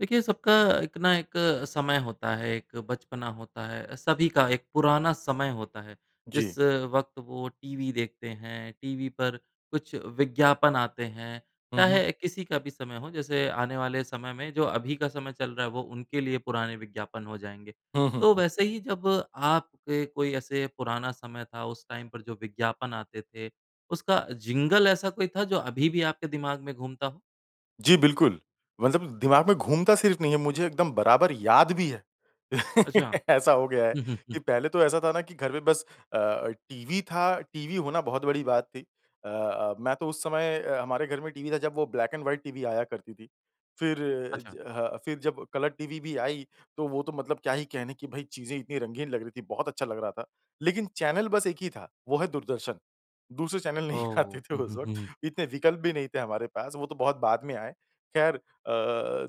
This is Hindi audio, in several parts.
देखिए सबका एक ना एक समय होता है, एक बचपना होता है, सभी का एक पुराना समय होता है जी। जिस वक़्त वो टीवी देखते हैं। टीवी पर कुछ विज्ञापन आते हैं, हुँ, हुँ। चाहे किसी का भी समय हो जैसे आने वाले समय में जो अभी का समय चल रहा है वो उनके लिए पुराने विज्ञापन हो जाएँगे। हुँ, हुँ, तो हुँ। वैसे ही जब आपके कोई ऐसे पुराना समय था उस टाइम पर जो विज्ञापन आते थे उसका जिंगल ऐसा कोई था जो अभी भी आपके दिमाग में घूमता हो? जी। बिल्कुल। मतलब दिमाग में घूमता सिर्फ़ नहीं है। मुझे एकदम बराबर याद भी है। अच्छा। ऐसा हो गया है हुँ, हुँ, कि हुँ। पहले तो ऐसा था ना कि घर में बस अ, टीवी था। टीवी होना बहुत बड़ी बात थी। अ, अ, मैं तो उस समय अ, हमारे घर में टीवी था जब वो ब्लैक एंड व्हाइट टीवी आया करती थी। फिर अच्छा। ज ह फिर जब कलर टीवी भी आई तो वो तो मतलब क्या ही कहने कि भई चीज़ें इतनी रंगीन लग रही थी। बहुत अच्छा लग रहा था। लेकिन चैनल बस एक ही था, वो है दूरदर्शन। दूसरे चैनल नहीं आते ओह! थे हुँ, उस हुँ, वक़्त, हुँ। इतने विकल्प भी नहीं थे हमारे पास, वो तो बहुत बाद में आए। ख़ैर अ,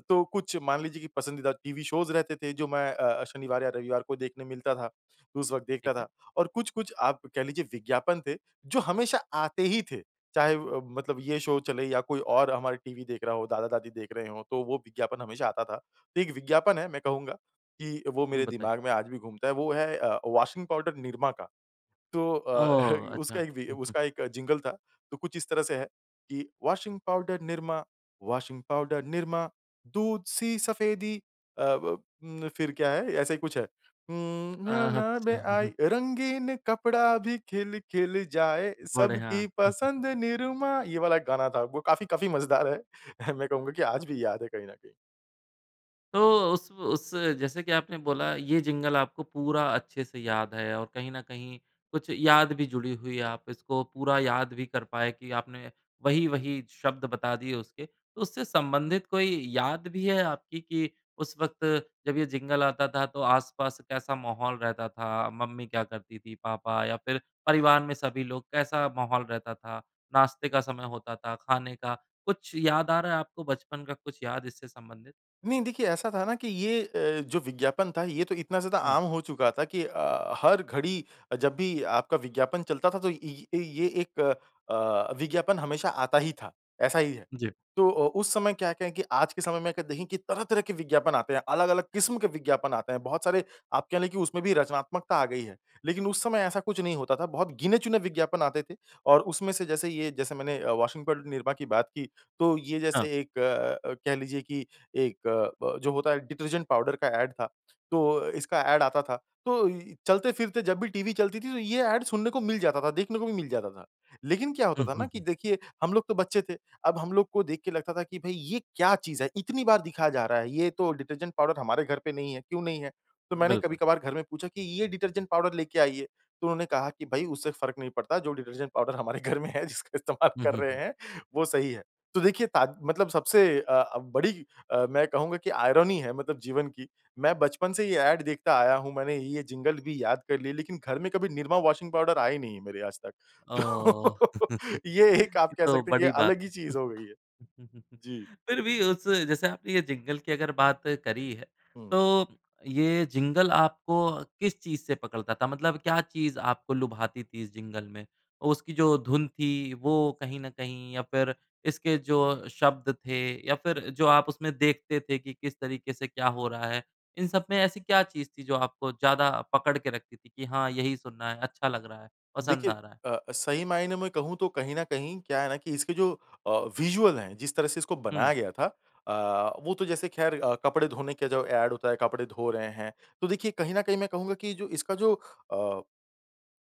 तो कुछ मान लीजिए की पसंदीदा टीवी शोज़ रहते थे जो मैं अ, शनिवार या रविवार को देखने मिलता था, उस वक़्त देखता ठीक है। था। और कुछ-कुछ आप कह लीजिए विज्ञापन थे, जो हमेशा आते ही थे। चाहे अ, मतलब ये शो चले या कोई और हमारा टीवी देख रहा हो दादा-दादी देख रहे हों, तो वो विज्ञापन हमेशा आता था। तो एक विज्ञापन है। मैं कहूँगा कि वो हुँ। मेरे बताइए। दिमाग में आज भी घूमता है। वो है अ, वाशिंग पाउडर Nirma का। तो अ, ओह! उसका अच्छा। एक वि हुँ, हुँ। उसका एक जिंगल था। तो कुछ इस तरह से है कि washing powder Nirma, washing powder Nirma, दूध-सी सफ़ेदी अ, व फिर क्या है, ऐसा ही कुछ है। हुँ अ, ना ना अच्छा। में आई रंगीन कपड़ा भी खिल-खिल जाए बढ़िया। सबकी पसंद निरमा ये वाला एक गाना था। वो काफ़ी काफ़ी मज़ेदार है। मैं कहूँगा कि आज भी याद है कहीं न कहीं। तो उसव उस जैसे कि आपने बोला ये जिंगल आपको पूरा अच्छे से याद है और कहीं न कहीं कुछ याद भी जुड़ी हुई है। आप इसको पूरा याद भी कर पाए कि आपने वही-वही शब्द बता दिए उसके। उससे संबंधित कोई याद भी है आपकी कि उस वक़्त जब ये जिंगल आता था तो आस-पास कैसा माहौल रहता था? मम्मी क्या करती थी? पापा या फिर परिवार में सभी लोग कैसा माहौल रहता था? नाश्ते का समय होता था? खाने का? कुछ याद आ रहा है आपको बचपन का? कुछ याद इससे संबंधित? नहीं देखिए ऐसा था न कि ये अ, जो विज्ञापन था ये तो इतना ज़्यादा हुँ। आम हो चुका था कि अ, हर घड़ी अ, जब भी आपका विज्ञापन चलता था तो ये ये ये एक अ, विज्ञापन हमेशा आता ही था। ऐसा ही है। जी। तो अ, उस समय क्या-क्या है कि आज के समय में अगर देखें कि तरह-तरह के विज्ञापन आते हैं। अलग-अलग किस्म के विज्ञापन आते हैं। बहुत सारे आप कह रहे कि उसमें भी रचनात्मकता आ गई है। लेकिन उस समय ऐसा कुछ नहीं होता था। बहुत गिने-चुने विज्ञापन आते थे और उसमें से जैसे ये जैसे मैंने अ, वाशिंग पाउडर निरमा की बात की। तो ये हाँ। जैसे एक अ अ अ, कह लीजिए कि एक अ, ब जो होता है डिटर्जेंट पाउडर का एड था। तो इसका एड आता था। तो इ चलते-फिरते जब भी टीवी चलती थी तो ये एड सुनने को मिल जाता था। देखने को भी मिल जाता था। लेकिन क्या होता हुँ, था ना हुँ, कि हुँ। देखिए हम लोग तो बच्चे थे। अब हम लोग को देख के लगता था कि भई ये क्या चीज़ है? इतनी बार दिखाया जा रहा है ये तो डिटर्जेंट पाउडर हमारे घर पे नहीं है। क्यों नहीं है? तो मैंने बिल्कुल। कभी-कभार घर में पूछा कि ये डिटर्जेंट पाउडर लेके आइए। तो उन्होंने कहा कि भई उससे फ़र्क नहीं पड़ता जो डिटर्जेंट पाउडर हमारे घर में है जिसका इस्तेमाल हुँ, कर हुँ, रहे हुँ। हैं वो सही है। तो देखिए ताद मतलब सबसे अ अ, बड़ी अ, मैं कहूँगा कि आयरनी है मतलब जीवन कि मैं बचपन से ये एड देखता आया हूँ मैंने ये जिंगल भी याद कर लिया लेकिन घर में कभी निरमा वाशिंग पाउडर आए नहीं है मेरे आज तक। ओह!। तो ये एक आप कह तो सकते हैं कि ये बड़ी बात अलग ही है। चीज़ हो गई है। जी। फिर भी उस जैसे आपने ये जिंगल की अगर बात करी है, हुँ। तो ये जिंगल आपको किस चीज़ से पकड़ता था? मतलब क्या चीज़ आपको लुभाती थी इस जिंगल में? उसकी जो धुन थी वो कहीं न कहीं या फिर इसके जो शब्द थे या फिर जो आप उसमें देखते थे कि किस तरीके से क्या हो रहा है? इन सब में ऐसी क्या चीज़ थी जो आपको ज़्यादा पकड़ के रखती थी कि हाँ, यही सुनना है अच्छा लग रहा है, पसंद देखिए आ रहा है। अ अ, सही मायने में कहूँ तो कहीं न कहीं क्या है ना कि इसके जो अ, विजुअल हैं जिस तरह से इसको हुँ। बनाया गया था अ, वो तो जैसे खैर अ, कपड़े धोने का जो एड होता है कपड़े धो रहे हैं। तो देखिए कहीं न कहीं मैं कहूँगा कि जो इसका जो अ,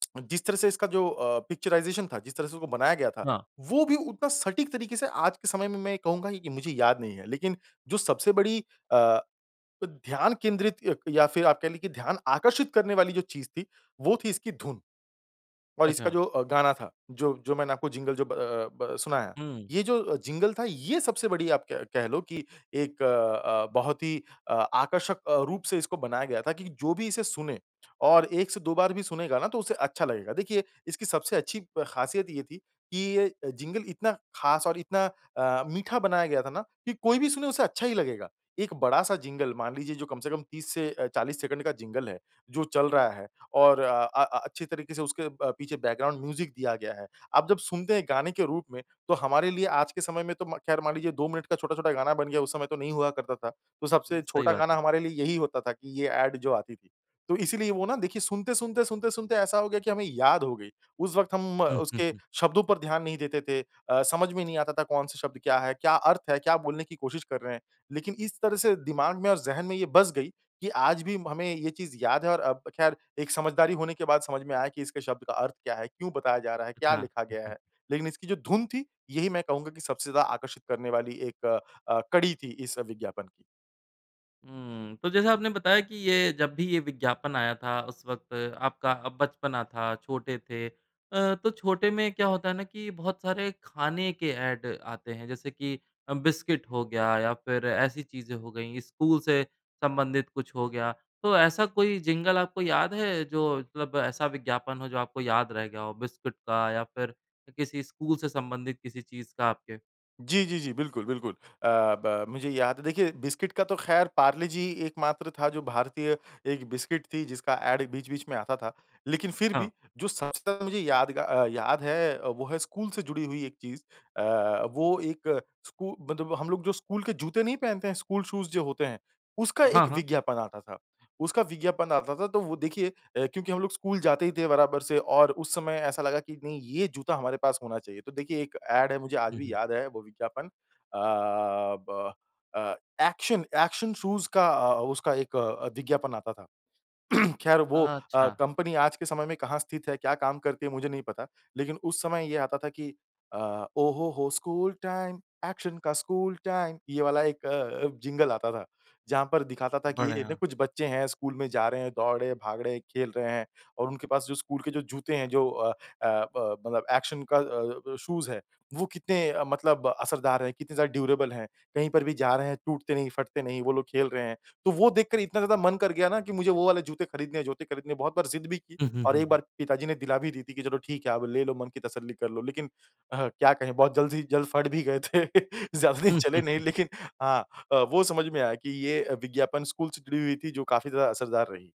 जिस तरह से इसका जो अ, पिक्चराइजेशन था जिस तरह से उसको बनाया गया था हाँ। वो भी उतना सटीक तरीके से आज के समय में मैं ये कहूँगा कि मुझे याद नहीं है। लेकिन जो सबसे बड़ी अ अ, ध्यान केंद्रित अ, या फिर आप कह ले कि ध्यान आकर्षित करने वाली जो चीज़ थी वो थी इसकी धुन। और इसका अच्छा। जो अ, गाना था जो जो मैंने आपको जिंगल जो ब अ, ब अ, सुनाया। हुँ। ये जो जिंगल था ये सबसे बड़ी आप कह कह लो कि एक अ अ, बहुत ही अ, आकर्षक अ, रूप से इसको बनाया गया था कि जो भी इसे सुने और 1 से 2 बार भी सुनेगा न तो उसे अच्छा लगेगा। देखिए, इसकी सबसे अच्छी खासियत ये थी कि ये जिंगल इतना खास और इतना अ, मीठा बनाया गया था ना कि कोई भी सुने उसे अच्छा ही लगेगा। एक बड़ा-सा जिंगल मान लीजिए जो कम से कम 30 से अ, 40 सेकंड का जिंगल है जो चल रहा है और अ अ अच्छी तरीके से उसके प पीछे बैकग्राउंड म्यूज़िक दिया गया है। अब जब सुनते हैं गाने के रूप में, तो हमारे लिए आज के समय में तो म खैर मान लीजिए 2 मिनट का छोटा-छोटा गाना बन गया उस समय तो नहीं हुआ करता था। तो उम, सबसे सही छोटा बात गाना है। हमारे लिए यही होता था कि ये एड जो आती थी। तो इसीलिए वो न देखिए सुनते-सुनते-सुनते-सुनते ऐसा हो गया कि हमें याद हो गई। उस वक़्त हम हुँ, हुँ, उसके हुँ। शब्दों पर ध्यान नहीं देते थे। अ, समझ में नहीं आता था कौन-सा शब्द क्या है? क्या अर्थ है? क्या बोलने की कोशिश कर रहे हैं। लेकिन इस तरह से दिमाग में और ज़हन में ये बस गई कि आज भी हमें ये चीज़ याद है और अब खैर एक समझदारी होने के बाद समझ में आया कि इसके शब्द का अर्थ क्या है? क्यों बताया जा रहा है? क्या अच्छा। लिखा हुँ, गया हुँ। है? लेकिन इसकी जो धुन थी यही मैं कहूँगा कि सबसे ज़्यादा आकर्षित करने वाली एक अ अ, कड़ी थी इस विज्ञापन की। हुँ, तो जैसे आपने बताया कि ये जब भी ये विज्ञापन आया था उस वक़्त आपका बचपना था, छोटे थे। अ, तो छोटे में क्या होता है ना, कि बहुत सारे खाने के एड आते हैं जैसे कि बिस्किट हो गया या फिर ऐसी चीज़ें हो गई स्कूल से संबंधित कुछ हो गया, तो ऐसा कोई जिंगल आपको याद है जो मतलब ऐसा विज्ञापन हो जो आपको याद रह गया हो बिस्किट का या फिर किसी स्कूल से संबंधित किसी चीज़ का आपके? जी, जी, जी, बिल्कुल, बिल्कुल। अ, ब मुझे याद है देखिए बिस्किट का तो ख़ैर पार्ले जी एक मात्र था जो भारतीय एक बिस्किट थी जिसका ऐड बीच-बीच में आता था। लेकिन फिर हाँ। भी जो सबसे ज़्यादा मुझे यादगा याद है वो है स्कूल से जुड़ी हुई एक चीज़। अ, वो एक स्कू मतलब हम लोग जो स्कूल के जूते नहीं पहनते हैं स्कूल शूज़ जो होते हैं उसका हाँ, एक हाँ। विज्ञापन आता था। उसका विज्ञापन आता था तो वो देखिए क्योंकि हम लोग स्कूल जाते ही थे बराबर से और उस समय ऐसा लगा कि नहीं ये जूता हमारे पास होना चाहिए। तो देखिए एक ऐड है मुझे आज हुँ, भी हुँ। याद है वो विज्ञापन अ, ब अ, ऐक्शन ऐक्शन शूज़ का उसका एक विज्ञापन आता था। ख़ैर वो अ, अच्छा। कंपनी आज के समय में कहाँ स्थित है? क्या काम करती है? मुझे नहीं पता। लेकिन उस समय ये आता था कि अ, ओ हो हो स्कूल टाइम ऐक्शन का स्कूल टाइम ये वाला एक अ, जिंगल आता था। जहाँ पर दिखाता था कि ए, ने बढ़िया। कुछ बच्चे हैं स्कूल में जा रहे हैं दौड़ रहे हैं भाग रहें हैं खेल रहे हैं और उनके पास जो स्कूल के जो जूते हैं जो अ अ, ब मतलब ऐक्शन का अ अ, शूज़ है वो कितने मतलब असरदार हैं। कितने ज़्यादा ड्यूरेबल हैँ, कहीं पर भी जा रहे हैं, टूटते नहीं, फटते नहीं वो लोग खेल रहे हैं। तो वो देखकर इतना ज़्यादा मन कर गया ना कि मुझे वो वाले जूते खरीदने हैं, जूते खरीदने बहुत बार ज़िद भी की हुँ, हुँ, और हुँ, एक हुँ। बार पिताजी ने दिला भी दी थी कि, "चलो ठीक है आप ले लो मन की तसल्ली कर लो।" लेकिन अह क्या कहें बहुत जल्द ही जल्द फ़ट भी गए थे। ज़्यादा दिन चले नहीं लेकिन हाँ अ, वो समझ में आया कि ये विज्ञापन स्कूल से जुड़ी हुई थी जो काफ़ी ज़्यादा असरदार रही।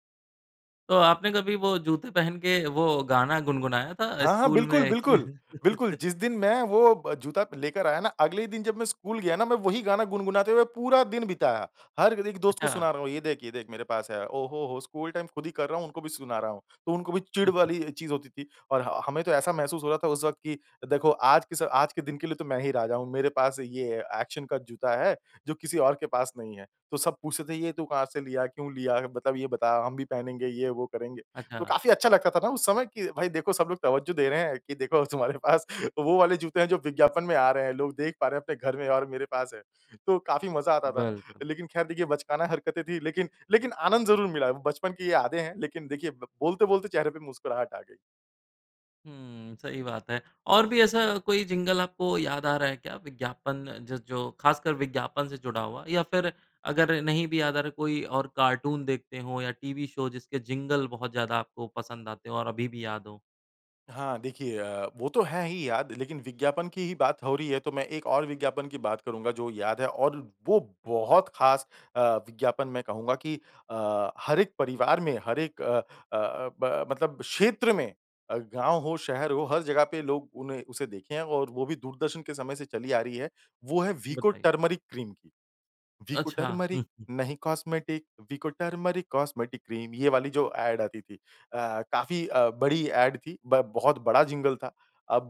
तो आपने कभी वो जूते पहन के वो गाना गुनगुनाया था हाँ, हाँ। स्कूल बिल्कुल, में कि बिल्कुल, बिल्कुल। जिस दिन मैं वो जूता लेकर आया ना अगले ही दिन जब मैं स्कूल गया ना मैं वही गाना गुनगुनाते हुए पूरा दिन बिताया। हर एक दोस्त को सुना अच्छा। रहा हूँ ये देख ये देख मेरे पास है। ओहो हो स्कूल टाइम खुद ही कर रहा हूँ उनको भी सुना रहा हूँ। तो उनको भी चिढ़ वाली चीज़ होती थी, और हाँ हमें तो ऐसा महसूस हो रहा था उस वक़्त की देखो आज के आज के स दिन के लिए तो मैं ही राजा हूँ। मेरे पास ये अ, एक्शन का जूता है जो किसी और के पास नहीं है। तो सब पूछते थे ये तू कहाँ से लिया, क्यों लिया? मतलब ये बता हम भी पहनेंगे ये वो करेंगे। तो अच्छा। काफ़ी अच्छा लगता था ना उस समय की भाई देखो सब लोग तवज्जो दे रहे हैं कि देखो तुम्हारे पास वो वाले जूते है जो विज्ञापन में आ रहे हैं। लोग देख पा रहे हैं अपने घर में और मेरे पास है। तो काफ़ी मज़ा आता था। बिल्कुल। लेकिन खैर देखिए बचकाना हरकतें थी। लेकिन लेकिन आनंद ज़रूर मिला है। बचपन की ये यादें हैं लेकिन देखिए ब बोलते बोलते चेहरे पे मुस्कुराहट आ गई। हुँ, सही बात है। और भी ऐसा कोई जिंगल आपको याद आ रहा है क्या विज्ञापन ज जो खासकर विज्ञापन से जुड़ा हुआ। या फिर अगर नहीं भी याद आ रहा है कोई और कार्टून देखते हो या टीवी शो जिसके जिंगल बहुत ज़्यादा आपको पसंद आते हो और अभी भी याद हो। हाँ, देखिए अ, वो तो है ही याद, लेकिन विज्ञापन की ही बात हो रही है तो मैं एक और विज्ञापन की बात करूँगा जो याद है, और वो बहुत खास अ, विज्ञापन मैं कहूँगा कि अ, हर एक परिवार में, हर एक अ अ अ, ब मतलब क्षेत्र में अ, गाँव हो, शहर हो हर जगह पे लोग उन्हें उसे देखे हैं और वो भी दूरदर्शन के समय से चली आ रही है, वो है वीको बताइ टर्मेरिक क्रीम की। वीको अच्छा। टर्मेरिक, नहीं cosmetic, Vicco turmeric cosmetic cream, ये वाली जो एड आती थी अ, काफ़ी अ, बड़ी एड थी, ब बहुत बड़ा जिंगल था। अब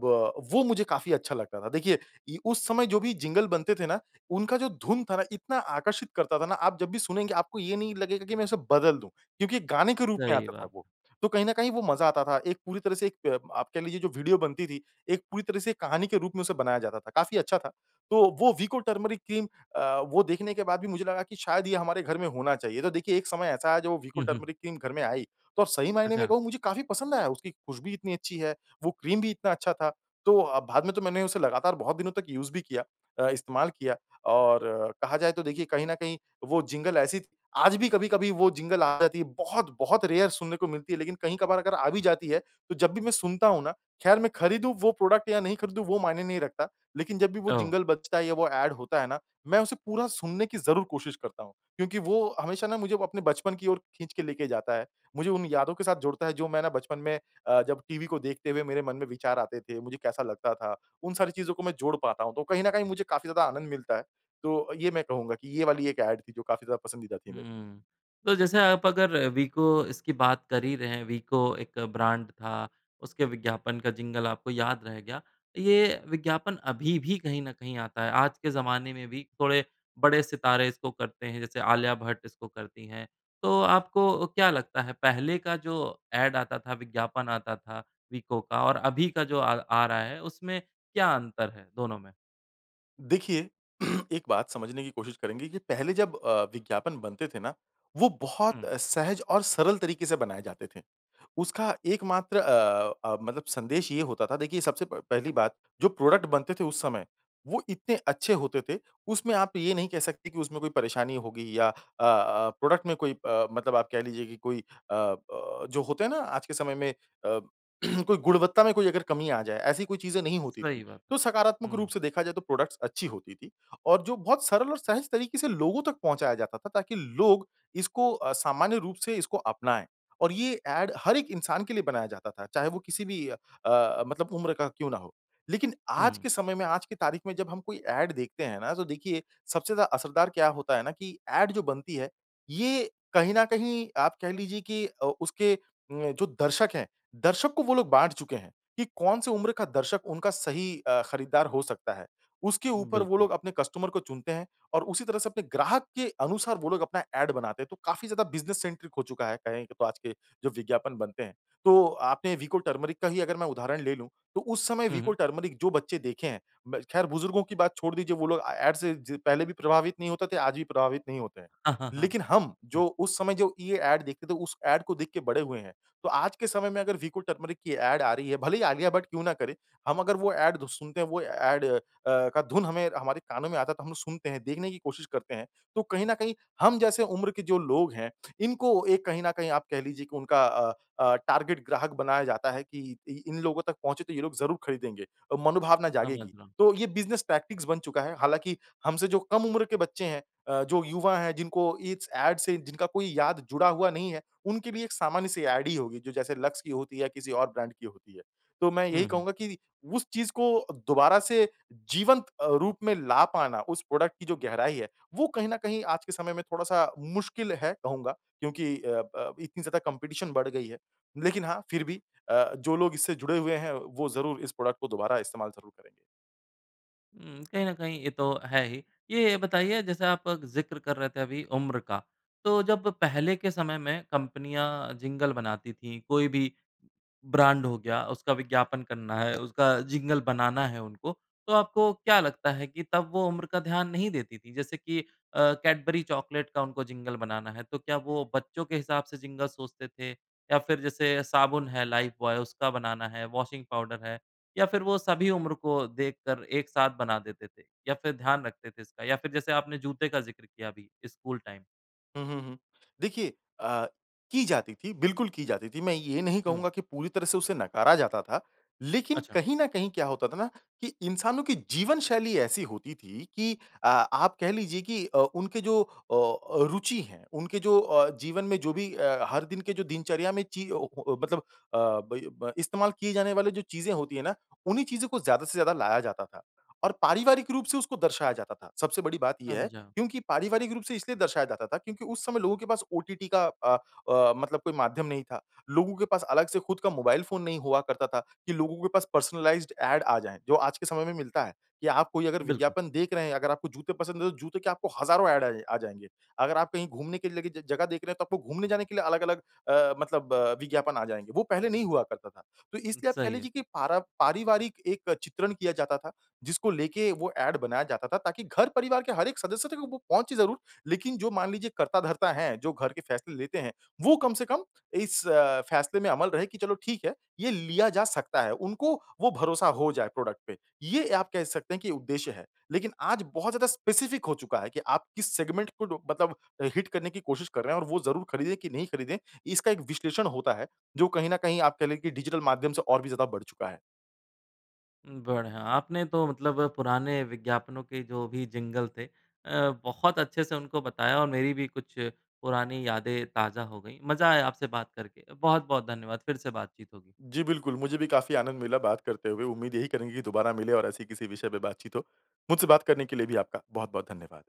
वो मुझे काफ़ी अच्छा लगता था, देखिए इ उस समय जो भी जिंगल बनते थे ना, उनका जो धुन था ना इतना आकर्षित करता था ना, आप जब भी सुनेंगे आपको ये नहीं लगेगा कि मैं उसे बदल दूँ, क्योंकि गाने के रूप में सही आता था बात। वो। तो कहीं न कहीं वो मज़ा आता था, एक पूरी तरह से एक प आप कह लीजिए जो वीडियो बनती थी, एक पूरी तरह से एक कहानी के रूप में उसे बनाया जाता था, काफ़ी अच्छा था, तो वो वीको टर्मेरिक क्रीम अ, वो देखने के बाद भी मुझे लगा कि शायद ये हमारे घर में होना चाहिए। तो देखिए, एक समय ऐसा आया, जब वो वीको हुँ, हुँ। टर्मेरिक क्रीम घर में आई, तो सही मायने में अच्छा। कहूँ मुझे काफ़ी पसंद आया, उसकी खुशबू इतनी अच्छी है, वो क्रीम भी इतना अच्छा था। तो अ, बाद में मैंने उसे लगातार बहुत दिनों तक यूज़ भी किया अ, इस्तेमाल किया, और अ, कहा जाए तो देखिए कहीं न कहीं वो जिंगल ऐसी थी, आज भी कभी-कभी वो जिंगल आ जाती है, बहुत बहुत रेयर सुनने को मिलती है। लेकिन कहीं कभार अगर आ भी जाती है, तो जब भी मैं सुनता हूँ ना खैर मैं खरीदूँ वो प्रोडक्ट या नहीं खरीदूँ वो मायने नहीं रखता। लेकिन जब भी वो ओह! जिंगल बजता है या वो एड होता है ना, मैं उसे पूरा सुनने की ज़रूर कोशिश करता हूँ। क्योंकि वो हमेशा ना मुझे वो अपने बचपन की ओर खींच के लेके जाता है, मुझे उन यादों के साथ जोड़ता है जो मैं ना बचपन में अ, जब टीवी को देखते हुए मेरे मन में विचार आते थे, मुझे कैसा लगता था, उन सारी चीज़ों को मैं जोड़ पाता हूँ, तो कहीं न कहीं मुझे काफ़ी ज़्यादा आनंद मिलता है। तो ये मैं कहूँगा कि ये वाली एक एड थी जो काफ़ी ज़्यादा पसंदीदा थी मेरी। हुँ। तो जैसे आप अगर अ, वीको इसकी बात कर ही रहे हैं वीको एक ब्रांड था, उसके विज्ञापन का जिंगल आपको याद रह गया, ये विज्ञापन अभी भी कहीं न कहीं आता है। आज के ज़माने में भी थोड़े बड़े सितारे इसको करते हैं, जैसे आलिया भट्ट इसको करती हैं, तो आपको क्या लगता है पहले का जो एड आता था, विज्ञापन आता था, वीको का और अभी का जो अ, आ रहा है उसमें क्या अंतर है, दोनों में? देखिए, एक बात समझने की कोशिश करेंगे कि पहले जब अ, विज्ञापन बनते थे ना, वो बहुत हुँ। सहज और सरल तरीके से बनाए जाते थे। उसका एक मात्र अ अ, मतलब संदेश ये होता था। देखिए सबसे प पहली बात जो प्रोडक्ट बनते थे उस समय वो इतने अच्छे होते थे। उसमें आप ये नहीं कह सकते कि उसमें कोई परेशानी होगी या अ अ, प्रोडक्ट में कोई अ, मतलब आप कह लीजिए की कोई अ अ, जो होते हैं ना आज के समय में अ, कोई गुणवत्ता में कोई अगर कमी आ जाए। ऐसी कोई चीज़ें नहीं होती थी। सही बात। तो सकारात्मक रूप हुँ। से देखा जाए तो प्रोडक्टस अच्छी होती थी और जो बहुत सरल और सहज तरीके से लोगों तक पहुँचाया जाता था ताकि लोग इसको अ, सामान्य रूप से इसको अपनाएँ। और ये ऐड हर एक इंसान के लिए बनाया जाता था चाहे वो किसी भी अ, मतलब उम्र का क्यों ना हो। लेकिन आज हुँ। के समय में आज की तारीख में जब हम कोई ऐड देखते हैं ना तो देखिए सबसे ज़्यादा असरदार क्या होता है ना कि ऐड जो बनती है ये कहीं न कहीं आप कह लीजिए कि ओ उसके अ, जो दर्शक है दर्शक को वो लोग बाँट चुके हैं। कि कौन-सी उम्र का दर्शक उनका सही अ, खरीददार हो सकता है। उसके ऊपर वो बिल्कुल। लोग अपने कस्टमर को चुनते हैं और उसी तरह से अपने ग्राहक के अनुसार वो लोग अपना ऐड बनाते हैं। तो काफ़ी ज़्यादा बिज़नेस सेंट्रिक हो चूका है कहे तो आज के जो विज्ञापन बनते हैं। तो आपने विको टर्मरिक का ही अगर मैं उदाहरण ले लूँ तो उस समय हुँ, विको हुँ। टर्मरिक जो बच्चे देखे हैं म ख़ैर बुजुर्गों की बात छोड़ दीजिए वो लोग ए ऐड से पहले भी प्रभावित नहीं होते थे, आज भी प्रभावित नहीं होते हैं। हाँ, हाँ, हाँ। लेकिन हम हुँ। जो उस समय जो ये ऐड देखते थे उस ऐड को देख के बड़े हुए हैं। तो आज के समय में अगर विको टर्मरिक की ऐड आ रही है भले ही आलिया भट क्यों ना करे, हम अगर वो ऐड सुनते हैं वो ऐड अ, का धुन हमें हमारे कानों में आता है तो हम लोग सुनते हैं देखने की कोशिश करते हैं। तो कहीं न कहीं हम जैसे उम्र के जो लोग हैं इनको एक कहीं न कहीं आप कह लीजिए की उनका अ अ, टारगेट ग्राहक बनाया जाता है कि इ इन लोगों तक पहुँचे तो ये लोग ज़रूर खरीदेंगे। अ, मनोभावना समझ जागेगी। रहा हूँ। तो ये बिज़नेस टैक्टिस बन चुका है। हालाँकि हमसे जो कम उम्र के बच्चे हैं अ, जो युवा हैं जिनको इस ऐड से जिनका कोई याद जुड़ा हुआ नहीं है उनके लिए एक सामान्य सी ऐड ही होगी जो जैसे लक्स की होती है या किसी और ब्रांड की होती है। तो मैं यही हुँ, हुँ। कहूँगा कि उस चीज़ को दोबारा से जीवंत अ, रूप में ला पाना उस प्रोडक्ट की जो गहराई है वो कहीं न कहीं आज के समय में थोड़ा-सा मुश्किल है कहूँगा क्योंकि अ अ, इतनी ज़्यादा कॉम्पिटिशन बढ़ गयी है। लेकिन हाँ फ़िर भी अ, जो लोग इससे जुड़े हुए हैं वो ज़रूर इस प्रोडक्ट को दोबारा इस्तेमाल ज़रूर करेंगे। उ, कहीं न कहीं ये तो है ही। ये बताइए जैसे आप जिक्र कर रहे थे अभी उम्र का तो जब पहले के समय में कंपनियाँ जिंगल बनाती थी कोई भी ब्रांड हो गया, उसका विज्ञापन करना है, उसका जिंगल बनाना है उनको तो आपको क्या लगता है कि तब वो उम्र का ध्यान नहीं देती थे? जैसे कि अ, कैडबरी चॉकलेट का उनको जिंगल बनाना है तो क्या वो बच्चों के हिसाब से जिंगल सोचते थे? या फ़िर जैसे साबुन है लाइफ़ बॉय उसका बनाना है, वाशिंग पाउडर है या फ़िर वो सभी उम्र को देखकर एक साथ बना देते थे? या फ़िर ध्यान रखते थे इसका या फ़िर जैसे आपने जूते का जिक्र किया अभी स्कूल टाइम। हुँ, हुँ, हुँ। देखिए अ, की जाती थी बिल्कुल की जाती थी। मैं ये नहीं हुँ। कहूँगा की पूरी तरह से उसे नकारा जाता था। लेकिन अच्छा। कहीं न कहीं क्या होता था ना कि इंसानों की जीवनशैली ऐसी होती थी की अ, आप कह लीजिए की अ, उनके जो अ, रुचि है, उनके जो अ, जीवन में जो भी अ, हर दिन के जो दिनचर्या में चीज़ ओ ओ मतलब अ, ब ब इस्तेमाल किए जाने वाली जो चीज़ें होती है ना उन्हीं चीज़ों को ज़्यादा से ज़्यादा लाया जाता था। और पारिवारिक रूप से उसको दर्शाया जाता था। सबसे बड़ी बात ये है समझा। क्योंकि पारिवारिक रूप से इसलिए दर्शाया जाता था क्योंकि उस समय लोगों के पास ओटीटी का अ अ, मतलब कोई माध्यम नहीं था। लोगों के पास अलग से खुद का मोबाइल फ़ोन नहीं हुआ करता था कि लोगों के पास पर्सनलाइज़्ड ऐड आ जाएँ जो आज के समय में मिलता है। कि आप कोई अगर बिल्कुल। विज्ञापन देख रहे हैं, अगर आपको जूते पसंद है तो जूते के आपको हज़ारों ऐड आ जाए आ जाएँगे। अगर आप कहीं घूमने के लिए ज जगह देख रहे हैं तो आपको घूमने जाने के लिए अलग-अलग अ, मतलब विज्ञापन आ जाएँगे। वो पहले नहीं हुआ करता था। तो उ, इसलिए आप कह सही है। लीजिए कि पारा पारिवारिक एक चित्रण किया जाता था जिसको लेके वो ऐड बनाया जाता था ताकि घर परिवार के हर एक सदस्य तक वो वो पहुँचे ज़रूर। लेकिन जो मान लीजिए कर्ता धर्ता है जो घर के फ़ैसले लेते हैं वो कम से कम इस फ़ैसले में अमल रहे कि चलो ठीक है ये लिया जा सकता है। उनको वो भरोसा हो जाए प्रोडक्ट पे ये आप कह सकते हैं कि उद्देश्य है। लेकिन आज बहुत ज़्यादा स्पेसिफ़िक हो चूका है कि आप किस सेगमेंट को डो मतलब हिट करने की कोशिश कर रहे हैं और वो ज़रूर खरीदें कि नहीं खरीदें। इसका एक विश्लेषण होता है जो कहीं न कहीं आप कह की डिजिटल माध्यम से और भी ज़्यादा बढ़ चुका है। बढ़िया! आपने तो मतलब पुराने विज्ञापनों के जो भी जिंगल थे अ, बहुत अच्छे से उनको बताया और मेरी भी कुछ पुरानी यादें ताज़ा हो गई। मज़ा आया आपसे बात करके बहुत-बहुत धन्यवाद फ़िर से बातचीत होगी। जी। बिल्कुल मुझे भी काफ़ी आनंद मिला बात करते हुए। उम्मीद यही करेंगे की दोबारा मिले और ऐसे ही किसी विषय पर बातचीत हो। मुझसे बात करने के लिए भी आपका बहुत-बहुत धन्यवाद।